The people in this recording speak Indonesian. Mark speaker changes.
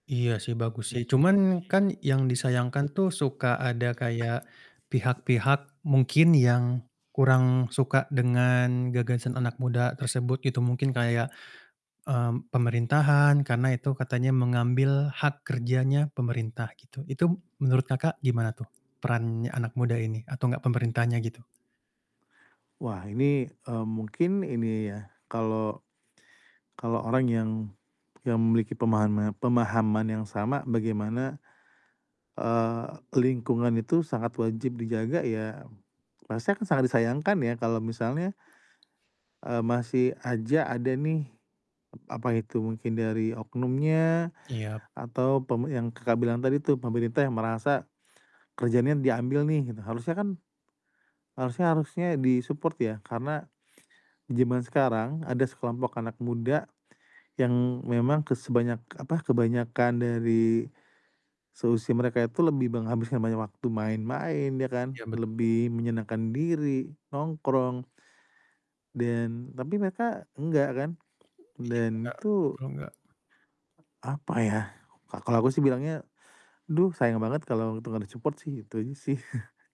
Speaker 1: Iya sih bagus sih, cuman kan yang disayangkan tuh suka ada kayak pihak-pihak mungkin yang kurang suka dengan gagasan anak muda tersebut. Itu mungkin kayak, mmm, pemerintahan karena itu katanya mengambil hak kerjanya pemerintah gitu. Itu menurut Kakak, gimana tuh peran anak muda ini atau enggak pemerintahannya gitu?
Speaker 2: Wah ini, mmm, mungkin ini ya kalau, kalau orang yang yang memiliki pemahana pemahaman yang sama bagaimana, eee, lingkungan itu sangat wajib dijaga ya, rasanya akan sangat disayangkan ya kalau misalnya eee, masih aja ada nih, ep apa itu, mungkin dari oknumnya
Speaker 1: Iyap.
Speaker 2: atau pem yang Kakak bilang tadi tuh, pemerintah yang merasa kerjaannya diambil nih gitu. Harusnya kan, harusnya harusnya di-support ya, karena zaman sekarang ada sekelompok anak muda yang memang ke sebanyak apa, kebanyakan dari seusia mereka itu lebih menghabiskan banyak waktu main-main ya kan,
Speaker 1: Iya betul.
Speaker 2: lebih menyenangkan diri, nongkrong dan tapi mereka enggak kan?
Speaker 1: Iya
Speaker 2: Dan
Speaker 1: Kakak,
Speaker 2: itu
Speaker 1: kalau nggak?
Speaker 2: apa ya? Ka kalau gue sih bilangnya, "Aduh, sayang banget kalo itu gak di-support sih," itu aja sih.